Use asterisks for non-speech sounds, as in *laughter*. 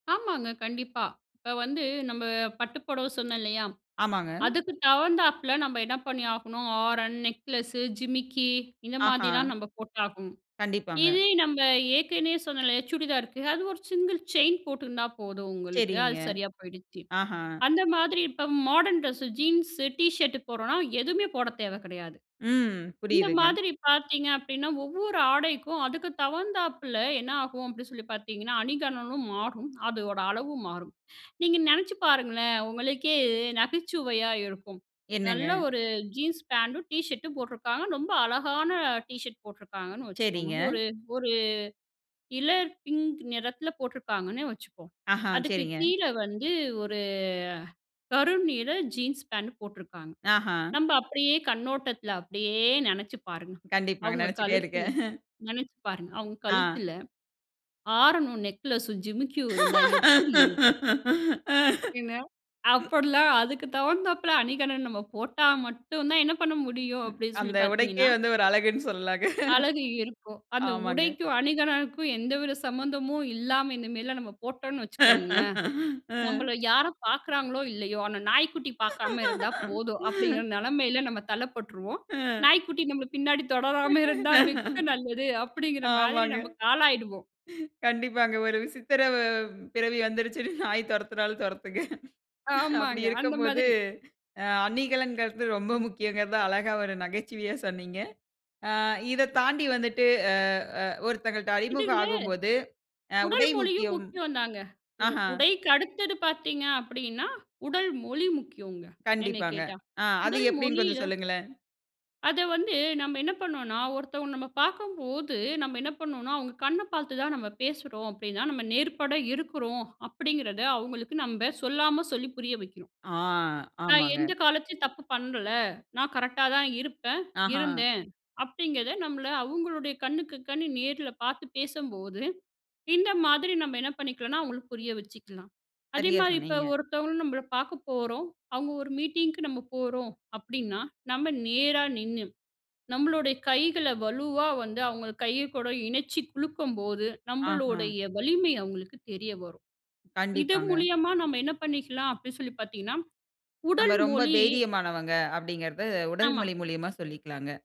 ஆமாங்க, கண்டிப்பா. இப்ப வந்து நம்ப பட்டு புடவை சொன்னேன் இல்லையா, ஆமாங்க. அதுக்கு தகுந்தாப்பில நம்ம என்ன பண்ணி ஆகணும், ஆரம், நெக்லஸு, ஜிமிக்கி இந்த மாதிலாம் ஆஹ. நம்ம போட்டாகணும். கண்டிப்பாங்க. இதே நம்ப ஏற்கனயே சொன்னேல, எ சுடிதார்க்கு அது ஒரு சிங்கிள் செயின் போட்டிருந்தா போதும், உங்களுக்கு. சரிங்க. அது சரியா போயிடுச்சு. ஆஹ. அந்த மாதிரி இப்ப modern dress, jeans, T shirt போடுறோன்னா எதுமே போடத் தேவ கிடையாது. ம் இந்த புரியுதுங்க. மாதிரி பாத்தீங்க அப்டின்னா, ஒவ்வொரு ஆடைக்கும், அதுக்கு தகுந்தாப்புல என்ன ஆகும் அப்டின்னு சொல்லி பாத்தீங்கன்னா, அணிகலனும் மாறும், அதோட அளவும் மாறும். நீங்க நெனச்சு பாருங்களேன், உங்களுக்கே நகைச்சுவையா இருக்கும். நல்ல என்னங்க? ஒரு ஜீன்ஸ் பேண்ட்டும், டீ ஷர்டும் போட்ருக்காங்க, ரொம்ப அழகான டீ ஷர்ட் போட்ருக்காங்கன்னு வச்சுக்கோங்க. சரிங்க. ஒரு ஒரு இலர் பிங்க் நிறத்துல போட்ருக்காங்கன்னே வச்சுக்குவோம், ஆஹ அதுக்கு சரிங்க. கீழே வந்து ஒரு கரு நீல ஜீன்ஸ் பேண்ட் போட்ருக்காங்க. ஆஹா. நம்ம அப்படியே கண்ணோட்டத்துல அப்டியே நெனச்சு பாருங்க, கண்டிப்பாங்க, அவுங்க நினைச்சிட்டே கழுத்துல, இருக்கேன். நெனச்சு பாருங்க, அவுங்க ஆ. கழுத்துல ஆரமும் நெக்லஸும், ஜிமிக்கியும் இருந்தா எப்புடி இருக்கும்? என்ன, *laughs* அப்படிலாம் அதுக்கு தகுந்தாப்பில அணிகலன் நம்ம போட்டா மட்டும் தான் என்ன பண்ண முடியும், ம், அப்படின்னு சொல்லி அந்த உடைக்கே பாத்தீங்கன்னா வந்து ஒரு அழகுன்னு சொல்லலாங்க. அழகு இருக்கும். அந்த ஆமாங்க. உடைக்கும் அணிகலனுக்கும் எந்தவித சம்மந்தமும் இல்லாம இந்தமாரிலாம் நம்ம போட்டோன்னு வச்சுக்கோங்களேன், *laughs* அ. நம்மள யாரும் பாக்குறாங்களோ இல்லையோ, ஆனா நாய்க்குட்டி பாக்காம இருந்தா போதும் அப்படிங்கிற *laughs* நெலமைல நம்ம தள்ளப்பட்ருவோம். *chuckles* அ. நாய்க்குட்டி நம்பள பின்னாடி தொடராம இருந்தா மிக்க நல்லது அப்படிங்கிற மாதிரி ஆமாங்க. நம்பக்கு ஆளாயிடுவோம். கண்டிப்பாங்க, ஒரு விசித்திர வ பிறவி வந்துருச்சுன்னு நாய் தொரத்தினாலும் தொரத்துங்க. அப்படி ஆமாங்க அந்த இருக்கும்போது மாதிரி. அ அணிகலன்கறது ரொம்ப முக்கியங்கறத அழகா ஒரு நகைச்சுவையா சொன்னீங்க. ஆ இத தாண்டி வந்துட்டு அ அ ஒருத்தங்கள்ட்ட இது அறிமுகம் இல்ல. ஆகும்போது, அ உடல் உடை மொழியும் முக்கியம். முக்கியந்தாங்க. உ ஆஹ. உடைக்கு அடுத்தது பாத்தீங்க அப்படின்னா, உடல் மொழி முக்கியங்க என்னை கண்டிப்பாங்க. கேட்டா. அ அது உடல் எப்டின்னு மொழிய கொஞ்சம் சொல்லுங்களேன்? அத வந்து நம்ம என்ன பண்ணுவோன்னா, ஒருத்தவங்கள நம்ம பாக்கும்போது நம்ம என்ன பண்ணுவோன்னா, அவுங்க கண்ண பாத்து தான் நம்ம பேசுறோம் அப்டின்னா, நம்ம நேர்பட இருக்குறோம் அப்படிங்கிறத அவுங்களுக்கு நம்ப சொல்லாம சொல்லி புரிய வைக்கிறோம். ஆ நான் ஆமாங்க. எந்த காலத்லயும் தப்பு பண்ணல, நான் கரெக்ட்டா தான் இருப்பேன், ஆஹ. இருந்தேன் அப்படிங்கிறத நம்மள அவுங்களுடைய கண்ணுக்கு கண்ணு நேர்ல பாத்து பேசும்போது, இந்த மாதிரி நம்ப என்ன பண்ணிக்கலான்னா அவுங்களுக்கு புரிய வச்சுக்கலாம். சரியா அதேமாரி இப்போ சொன்னீங்க. ஒருத்தவங்கள நம்ப பாக்க போறோம், அவுங்க ஒரு மீட்டிங்க்கு நம்ம போறோம் அப்டின்னா, நம்ம நேரா நின்னு, நம்மளோட கைகள வலுவா வந்து அவுங்க கை கூட இணச்சி குலுக்கும்போது, ஆஹ. நம்பளோடய வலிமை அவுங்களுக்கு தெரிய வரும். இது கண்டிப்பாங்க. மூலியமா நம்ம என்ன பண்ணிக்கலாம் அப்டின்சொல்லி பாத்தீங்கன்னா, நம்ப உடல் ரொம்ப மொழி தைரியமானவங்க அப்படிங்கிறத, உடல் ஆமா. மொழி மூலியமா சொல்லிக்கலாங்க.